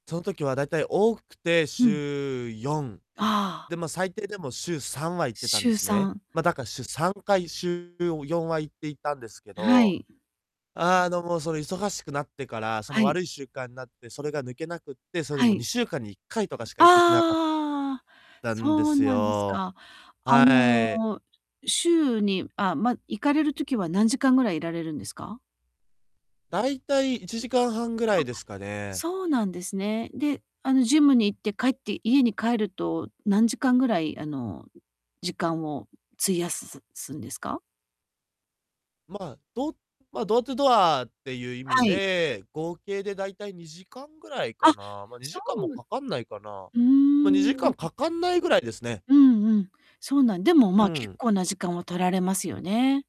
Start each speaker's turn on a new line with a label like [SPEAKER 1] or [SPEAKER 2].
[SPEAKER 1] その時は大体多くて
[SPEAKER 2] うん。
[SPEAKER 1] 週4。
[SPEAKER 2] ああ。
[SPEAKER 1] で、ま、最低でも週3は行ってたんで
[SPEAKER 2] 週
[SPEAKER 1] す
[SPEAKER 2] さ
[SPEAKER 1] ね。
[SPEAKER 2] ん。
[SPEAKER 1] ま、だか週3回、週4は行っていたんですけ
[SPEAKER 2] あ、は
[SPEAKER 1] ど、
[SPEAKER 2] い。
[SPEAKER 1] あの、もうその忙しくなってから、その
[SPEAKER 2] はい。
[SPEAKER 1] 悪い習慣なって、それが抜けなくって、それで
[SPEAKER 2] は
[SPEAKER 1] もう
[SPEAKER 2] い。
[SPEAKER 1] 2週間に1回とかしか行けてなかっ
[SPEAKER 2] ああ、
[SPEAKER 1] たんで
[SPEAKER 2] そう
[SPEAKER 1] す
[SPEAKER 2] なんです
[SPEAKER 1] よ。
[SPEAKER 2] か。あ
[SPEAKER 1] は
[SPEAKER 2] の、
[SPEAKER 1] い。
[SPEAKER 2] 週に、あ、ま、行かれる時は何時間ぐらいいられるんですか？
[SPEAKER 1] 大体1時間半ぐら
[SPEAKER 2] あっ、
[SPEAKER 1] いですかね。
[SPEAKER 2] そうなんですね。で、あのジムに行って帰って、家に帰ると、何時間ぐらい、あの、う時間を、う費やす、すすんですか？
[SPEAKER 1] ま、どま、ドアトゥードアっていう意味
[SPEAKER 2] はい。
[SPEAKER 1] で、合計で大体2時間ぐらいか
[SPEAKER 2] あ、
[SPEAKER 1] な。ま、に
[SPEAKER 2] そ
[SPEAKER 1] じかんも
[SPEAKER 2] う。
[SPEAKER 1] かかんないかな。
[SPEAKER 2] ふー
[SPEAKER 1] ま、2時間
[SPEAKER 2] ん。
[SPEAKER 1] かかんないぐらいですね。
[SPEAKER 2] うんうん、そうなん、でも、
[SPEAKER 1] う
[SPEAKER 2] ま、結
[SPEAKER 1] ん。
[SPEAKER 2] 構な時間を取られますよね。